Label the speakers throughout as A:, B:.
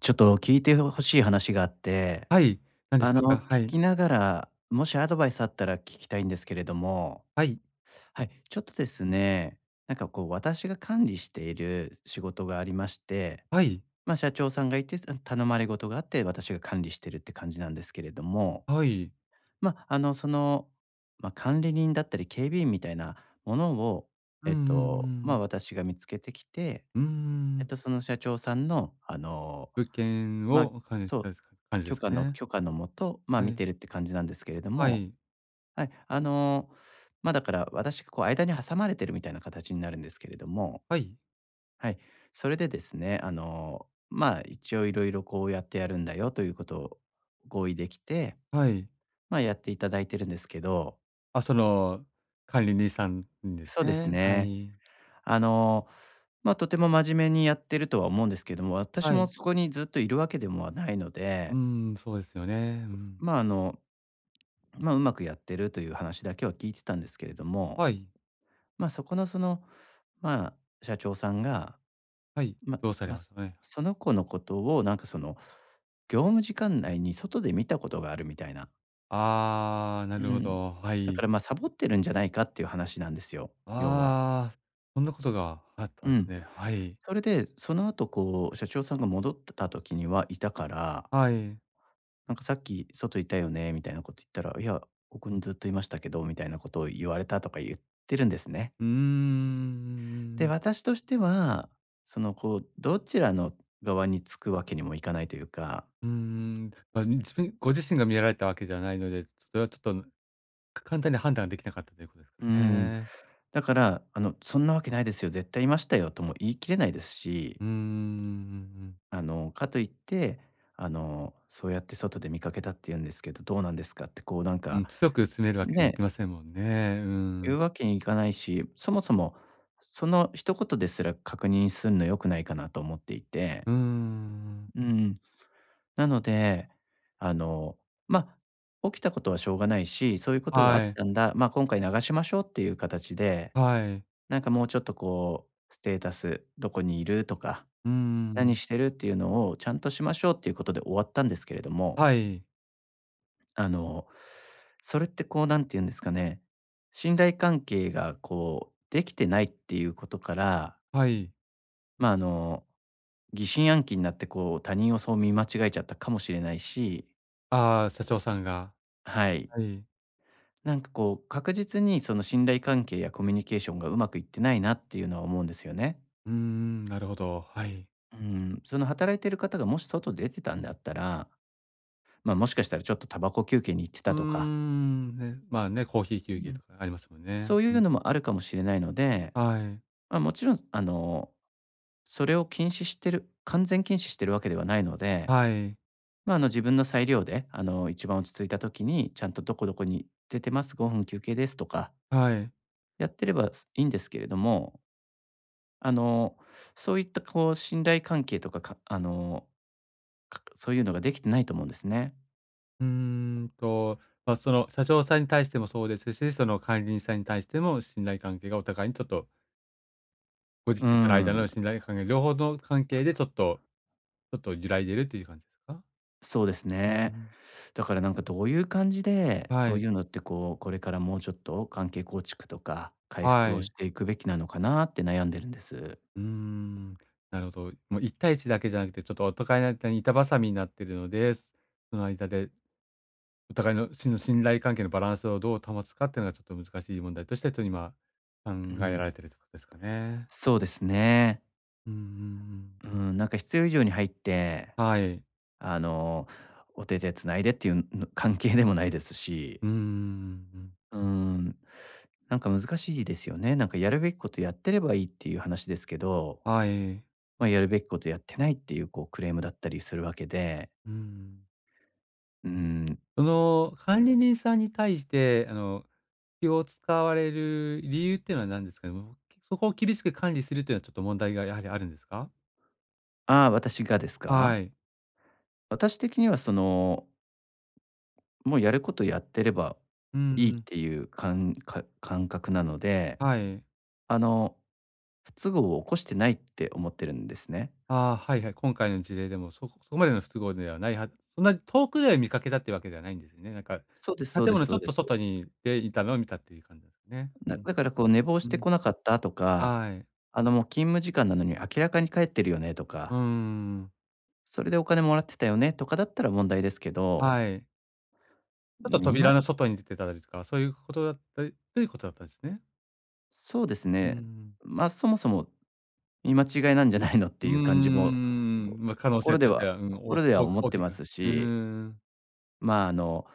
A: ちょっと聞いてほ欲しい話があって、
B: はい、何で
A: あ
B: しょう
A: の、
B: か？は
A: 聞
B: い。
A: きながら、もしアドバイスあったら聞きたいんですけれども。
B: はい。
A: はい、ちょっとですね、なんか、こう、私が管理している仕事がありまして、
B: はい。
A: ま、社長さんがいて、すうん、頼まれごとがあって、私が管理してるって感じなんですけれども。
B: はい。
A: ま、あの、その、ま、管理人だったり、警備員みたいなものを、
B: うん
A: え
B: うん、
A: っ
B: う
A: と、
B: ー
A: ま、
B: ん。
A: 私が見つけてきて、
B: うー
A: えっ
B: ん。
A: と、その社長さんの、あの、
B: 物件
A: ま、
B: を管理し
A: そう、
B: たか感じで
A: 許
B: す
A: 可
B: か
A: の
B: ね。
A: 許可のもと、ま、
B: は
A: 見
B: い。
A: てるって感じなんですけれど
B: は
A: も。
B: い。
A: はい、あの、ま、だから私、こう、間に挟まれているみたいな形になるんですけれども。
B: はい。
A: はい、それでですね、あの、まあ、一応色々、こうやってやるんだよということを合意できて、
B: はい。
A: まあ、やっていただいてるんですけど。
B: あ、その、管理人さんです
A: そうです
B: ね。は
A: ね。
B: い。
A: あの、ま、とても真面目にやってるとは思うんですけども、私
B: は
A: も
B: い。
A: そこにずっといるわけでもはないの
B: うー
A: で
B: ん、そうですよね。うん。
A: ま、あの、ま、上手くやってるという話だけは聞いてたんですけれども、
B: はい。
A: ま、そこの、その、まあ、社長さんが、
B: はい、
A: ま、
B: どうされ
A: ま、
B: ましたかね。
A: その子のことを、なんか、その、業務時間内に外で見たことがあるみたいな。
B: ああ、な
A: う
B: るほ
A: ん。
B: ど、は
A: だか
B: い。
A: ら、ま、サボってるんじゃないかっていう話なんですよ、要は。
B: ああ、そんなことがあった
A: う
B: んです
A: ん。
B: ね。はい。
A: それで、その後こう社長さんが戻った時には居たから。
B: はい。
A: 「なんかさっき、外居たよね」みたいなこと言ったら、『「いや、ここにずっと居ましたけど」みたいなことを言われた』とか言ってるんですね。
B: うーん。うんうん
A: で、
B: うん。
A: 私としては、そのこう、どちらの側につくわけにもいかないというか。
B: うんうん。ま、自分ご自身が見られたわけではないので、それはちょっと、ん、か簡単に判断ができなかったということです
A: うー
B: か
A: ん。
B: ね。
A: だから、あのそんなわけないですよ、絶対居ましたよとも言い切れないですし。
B: うーん、うんうんうん。
A: あのかといって、あの、そうやって外で見かけたって言うんですけど、どうなんですかってこうなん
B: う
A: か、
B: ん、強く詰めるわけにはいき
A: ね。
B: ませんもんね。う
A: 言
B: ん。
A: うわけにいかないし、そもそもその一言ですら、確認するのは良くないかなと思っていて。
B: うーん。
A: うーん。なので、あの、まあ、起きたことはしょうがないし、そういうことがあっ
B: はい。
A: たんだ、まあ、今回流しましょうっていう形で、
B: はい。
A: なんかもうちょっとこう、ステータス、どこにいるとか、
B: うー
A: 何
B: ん。
A: してるっていうのをちゃんとしましょうっていうことで終わったんですけれども。
B: はい。
A: あの、それってこう、何て言うんですかね、信頼関係がこう、出来てないっていうことから
B: はい。
A: ま、あの、疑心暗鬼んなってこう、他人をそう見間違えちゃったかもしれないし。
B: あ、社長さんが。
A: はい。
B: はい。
A: なんかこう、確実にその信頼関係やコミュニケーションが上手くいってないなっていうのは思うんですよね。
B: うーん、なるほど。はい。
A: うーん。その働いてる方がもし外出てたんだったら、ま、もしかしたらちょっとタバコ休憩に行って
B: うー
A: たとか。
B: ん、ね、まあ、ね、コーヒー
A: う
B: 休憩
A: ん
B: とかありますもんね。
A: そうい
B: う
A: う
B: ん。
A: のもあるかもしれないので、
B: はい。
A: ま、もちろんあの、それを禁止してる、完全禁止してるわけではないので、
B: はい。
A: ま、あの、自分の裁量であの、一番落ち着いた時にちゃんとどこどこに出てます、5分休憩ですとか
B: はい。
A: やってれば、すいいんですけれども。あの、そういったこう信頼関係とか、かあの、かそういうのが出来てないと思うんですね。
B: うーんと、ま、その社長さんに対してもそうですし、その管理人さんに対しても、信頼関係がお互いにちょっと。ご自
A: う
B: 身との間
A: ん。
B: の信頼関係、両方の関係でちょっとちょっと揺らいでるという感じですか？
A: そうです
B: うー
A: ね。
B: ん。
A: だから、なんか、どういう感じで、
B: は
A: そう
B: い。
A: いうのって、こう、これからもうちょっと、関係構築とか、回
B: は
A: 復をし
B: い。
A: ていくべきなのかなって悩んでるんです。
B: うーん、なるほど。も、一対一だけじゃなくて、ちょっとお互いの間に板挟みになってるので、その間で、お互いの真の信頼関係のバランスをどう保つかってのは、ちょっと難しい問題として、とにま、考
A: う
B: えられ
A: ん。
B: ているということですかね。
A: そうですね。
B: うんうん
A: うー
B: うん。う
A: ん、なんか、必要以上に入って、
B: はい。
A: あの、お手て繋いでっていうぬ関係でもないですし。
B: うーん、うんうんうん。
A: うーん。なんか、難しいですよね。なんか、やるべきことやってればいいっていう話ですけど、
B: はい。
A: ま、やるべきことやってないっていう、こう、クレームだったりするわけで。
B: うん。
A: うーん。
B: その、管理人さんに対して、あの、気を使われる理由っていうのは何ですか？もう。そこを厳しく管理するというのは、ちょっと問題がやはりあるんですか？
A: ああ、私がです
B: は
A: か？
B: い。
A: 私的には、そのもうやることやってれば
B: うんう
A: いいっ
B: ん。
A: ていうかんか感覚なので、
B: はい。
A: あの、不都合を起こしてないって思ってるんですね。
B: ああ、はいはい。今回の事例でも、そそこまでの不都合ではないはず、そんなに遠くで見かけたっていうわけではないんですね。なんか、
A: そうですそう
B: 建
A: です
B: 物
A: そ
B: ち
A: う
B: ょっ
A: で
B: と
A: す。
B: 外にで、いたのを見たっていう感じですね。
A: な
B: うん。
A: だから、こう、寝坊し
B: う
A: て
B: ん。
A: 来なかったとか、
B: はい。
A: あの、も、勤務時間なのに明らかに帰ってるよねと
B: う
A: か。
B: んうんうん。うーん。
A: それでお金もらってたよね、とかだったら問題ですけど。
B: はい。ちょっ
A: うん、
B: と
A: み
B: 扉
A: ま
B: の外に出てたりとか、そういうことだったり、ということだったんですね。
A: そうです
B: う
A: ね。
B: ん。
A: ま、そもそも見間違いなんじゃないのっ
B: う
A: ていう感じも、
B: ん、ま、可能性
A: 心で
B: として
A: は、
B: は、うん、お
A: 心では
B: お
A: 思っ
B: 大
A: て
B: き
A: ま
B: く、
A: す
B: うー
A: し、
B: ん。
A: ま、あの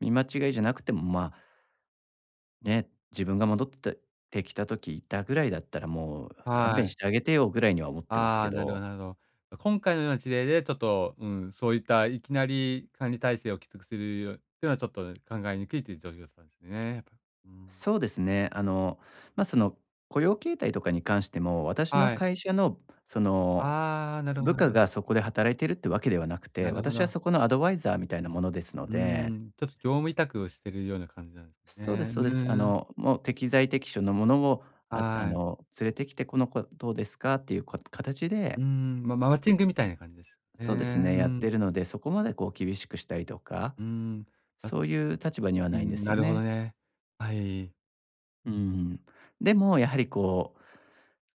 A: 見間違いじゃなくてもまあ。ね、自分が戻ってきた時いたぐらいだったら、もう勘
B: は
A: 弁し
B: い。
A: てあげてよぐらいには思ってますけ
B: あ、なるほ
A: ど。
B: どなるほど。今回のような事例でちょっと、うん、そういったいきなり管理体制をきつくするっていうのはちょっと考えにくいという状況 ですね。うーん。
A: そうですね。あの、ま、その雇用形態とかに関しても、私の
B: はい。
A: 会社のその、
B: あ、なるほど
A: 部
B: なる
A: 下
B: ほど。
A: がそこで働いてるってわけではなくて、
B: なるほ
A: 私は
B: ど。
A: そこのアドバイザーみたいなものですの
B: う
A: で。
B: ん、ちょっと業務委託をしているような感じなんです
A: そうで
B: ね。
A: す
B: う
A: そうです。あ
B: ーん。
A: のもう適材適所のものも、ああ
B: はい。
A: の連れてきて、この子どうですか？っていう、か形
B: う
A: で
B: ん、ま、マッチングみたいな感じです
A: そうです
B: ね。
A: ね、
B: う
A: やって
B: ん。
A: るので、そこまでこう厳しくしたりとか、
B: うん。
A: そういう立場には
B: う
A: ないんで
B: ん、
A: す
B: な
A: よ
B: るほど
A: ね。
B: ね。はい。
A: うん。でも、やはりこ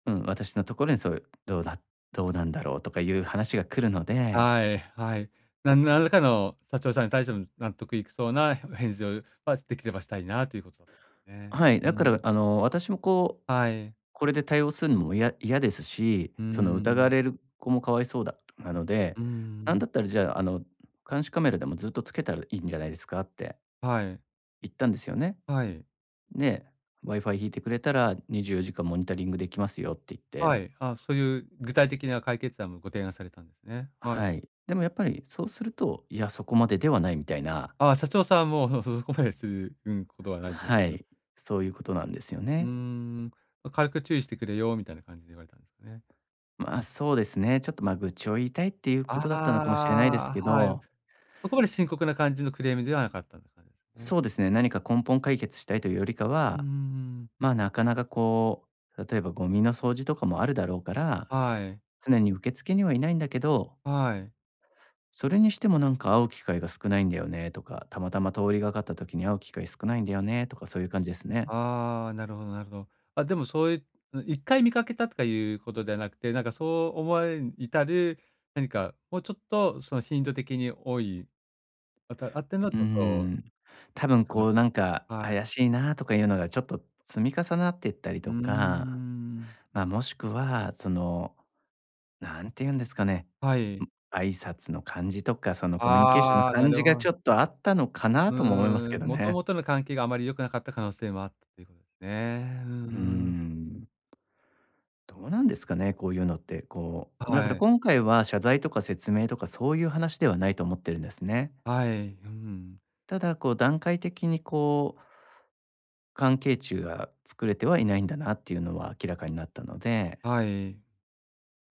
A: う、うん。私のところにそういう、どうだどうなんだろうとかいう話が来るので。
B: はい、はい。なん何らかの、社長さんに対しての納得いくそうな、へ返事をは、できればしたいなということだったんね。
A: はい。
B: う
A: だから
B: ん。
A: あの、私もこう、
B: はい。
A: これで対応するのもいや嫌ですし、
B: う
A: その疑わ
B: ん。
A: れる子も可哀想だなので、
B: う
A: なんだ
B: ん。
A: ったらじゃあ、あの、監視カメラでも、ずっとつけたらいいんじゃないですかって
B: はい。
A: 言ったんですよね。
B: はい。
A: で、Wi-Fi 引いてくれたら24時間モニタリングできますよって言っ
B: は
A: て。
B: い。あ、そういう具体的な解決案も、ご提案されたんですね。はい。
A: はい。でもやっぱりそうすると「いや、そこまでではない」みたいな。
B: あ、社長さんも、ふふほまでする、うん、ことはないえん。
A: は
B: うん。
A: い。そういうことなんですよ
B: うー
A: ね。
B: ん、ま、軽く注意してくれよみたいな感じで、言われたんですね？
A: まあ、そうですね。ちょっと、まあ、愚痴を言いたいっていうことだったのかもしれないです
B: あ
A: け
B: あ、はい。
A: ど。
B: そこまで深刻な感じのクレームではなかったって感じすね？
A: そうですね。何
B: [unintelligible]
A: か根本解決したいというよりか
B: ううんう
A: は
B: ん。
A: まあ、なかなかこう。例えば、ゴミの掃除とかもあるだろうから、
B: はい。
A: 常に受付にはいないんだけど
B: はい。
A: 「それにしてもなんか、会う機会が少ないんだよね」とか「たまたま通りがかった時に、会う機会少ないんだよね」とか、そういう感じですね。
B: ああ、なるほどなるほど。あ、でもそういう、ん、1回見かけたとかいうことではなくて、なんかそう思われるに至る、何かもうちょっとその頻度的に多い、あたあっての、
A: うー
B: ちょっと、う
A: ん。多分、
B: その、う
A: こう、なんか、
B: は
A: 怪
B: い。
A: しいなとかいうのが、ちょっと積み重なってったり
B: うー
A: とか。
B: ん。
A: まあ、もしくはその、何て言うんですかね。
B: はい。
A: ん挨拶の感じとか、その、コミュニケーションの
B: ああ、な
A: 感じ
B: る
A: が
B: ほ
A: ちょっとあったのかな？
B: う
A: とも思いますけ
B: ーん。
A: ど
B: もと
A: ね。
B: もとの関係が、あまり良くなかった可能性もあったということですね。うー
A: うー
B: ん。
A: ん。どうなんですかね、こういうのって。こう、だか
B: は
A: ら
B: い。
A: 今回は、謝罪とか説明とか、そういう話ではないと思ってるんですね。
B: はい。うん。
A: ただ、こう段階的にこう、関係値が作れてはいないんだなっていうのは明らかになったので
B: はい。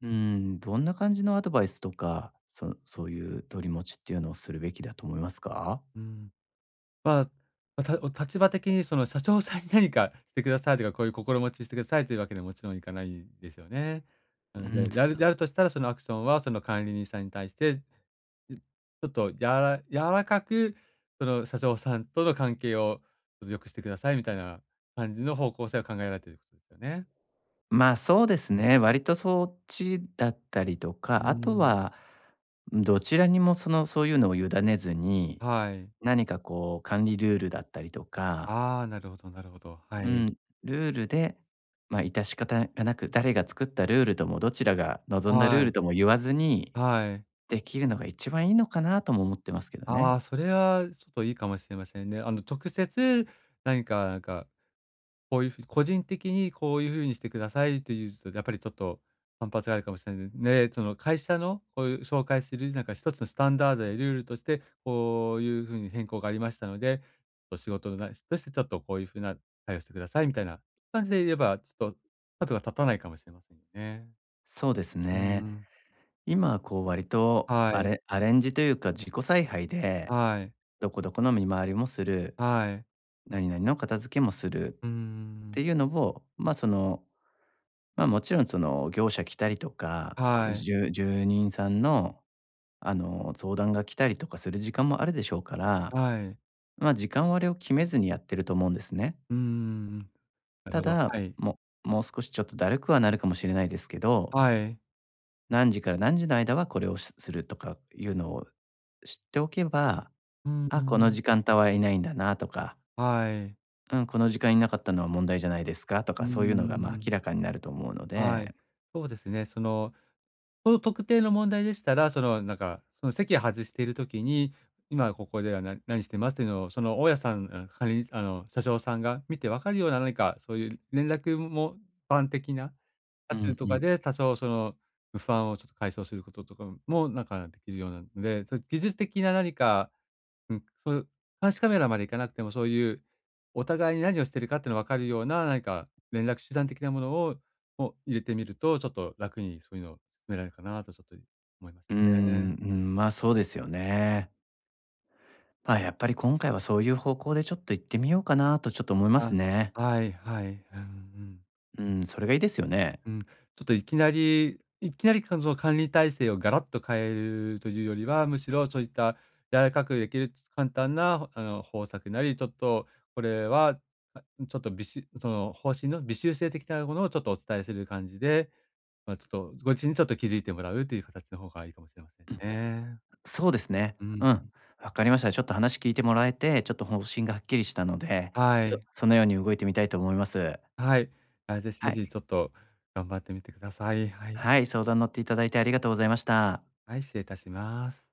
A: うーん、どんな感じのアドバイスとか、そそういう取り持ちっていうのをするべきだと思いますか？
B: うん。まあ、おた立場的にその社長さんになにかしてくださいとか、こういう心持ちしてくださいというわけにはもちろんいかないですよね。な
A: う
B: ので、
A: ん、そ
B: やる
A: そう。
B: やるとしたら、そのアクションはその管理人さんに対して、うん、ちょっとやら柔らかくその社長さんとの関係を良くしてくださいみたいな感じの方向性を考えられてる [unintelligible] ね。
A: まあ、そうですね、割とそっちだったりと
B: うー
A: か、あと
B: ん。
A: は、どちらにもその、そういうのを委ねずに、
B: はい。
A: なにかこう、管理ルールだったりとか
B: ああ、なるほどなるほど。は
A: う
B: い。
A: ん、ルールで、まあ致し方がなく、誰が作ったルールともどちらが望んだルール
B: は
A: とも言わずに、
B: い。はい。
A: できるのが一番いいのかなとも思ってますけど
B: あ
A: ね。
B: あ、それはちょっといいかもしれませんね。あの直接なにか、なんか、こういうふうに個人的に「こういうふうにしてください」と言うとやっぱりちょっと反発があるかもしれないね、ちょっと会社のこういう紹介するなんかひとつのスタンダードやルールとして、こういうふうに変更がありましたので、そ仕事の、なしてちょっと、「こういうふうな対応をしてください」みたいな感じで言えばちょっと角が立たないかもしれませんね。
A: そうです
B: うー
A: ね。
B: ん。
A: 今こう割と、
B: は
A: ア
B: い。
A: レアレンジというか、自己采配で、
B: はい。
A: どこどこの見回りもする、
B: はい。
A: なになにの片付けもする
B: うー
A: っ
B: ん。
A: ていうのを、まあその、まあもちろんその、業者来たりとか、こう、
B: はい。
A: じゅ住人さんの、あの、相談が来たりとかする時間もあるでしょうから、
B: はい。
A: まあ時間割を決めずにやってると思うんですね。
B: うーん。なる
A: た
B: ほど、
A: だ、
B: はい。
A: ももう少しちょっとだるくはなるかもしれないですけど
B: はい。
A: 何時から何時の間はこれをしするとかいうのを知っておけば、
B: うんう
A: あ、この
B: ん。
A: 時間帯はいないんだなとか
B: はい。
A: うん、この時間いなかったのは問題じゃないですかと
B: う
A: か、
B: ー
A: そういうのが、まあ、
B: ん。
A: 明らかになると思うの
B: はい、
A: で
B: そうですね。そのその特定の問題でしたら、そのなんかその、席外している時に、今ここでは、ななにしてますっていうのをその大家さんうん、かりあの、社長さんが見てわかるような、なにかそういう連絡も、ぱん的な、あ
A: う
B: ちゅう
A: ん
B: と
A: う
B: か
A: ん。
B: で多少その不安を、ちょっと解消することとかも、なんかできるようなので、そ、技術的ななにか、うん、そう監視カメラまでいかなくてもそういうお互いになにをしているかってのわかるような、なにか連絡手段的なものをを入れてみると、ちょっと楽にそういうのを、められるかなとちょっとい思います
A: うーん、
B: ね。
A: うん、ま、そうですよね。ま、やっぱり今回はそういう方向でちょっといってみようかなとちょっと思います
B: あ、
A: ね。
B: はい、はい、うん、うん。
A: うん、それがいいですよね？
B: うん。ちょっといきなりいきなりかぞ管理体制をガラッと変えるというよりは、むしろそういった柔らかくできる簡単なあの、方策なり、ちょっとこれは、あ、ちょっとびしその、方針の微修正的なものをちょっとお伝えする感じで、まあ、ちょっと、ごちにちょっと気づいてもらうというかたちの方がいいかもしれません
A: うん、
B: ね。
A: そうですね。
B: うん、ん。
A: うん、わかりました。ちょっと話聞いてもらえて、ちょっと方針がはっきりしたので、
B: は
A: そ
B: い。
A: そのように動いてみたいと思います。
B: はい、あ、ぜひ
A: は
B: ぜ
A: い。
B: ひちょっと頑張ってみてください。はい。
A: はい、相談乗っていただいてありがとうございました。
B: はい、失礼いたします。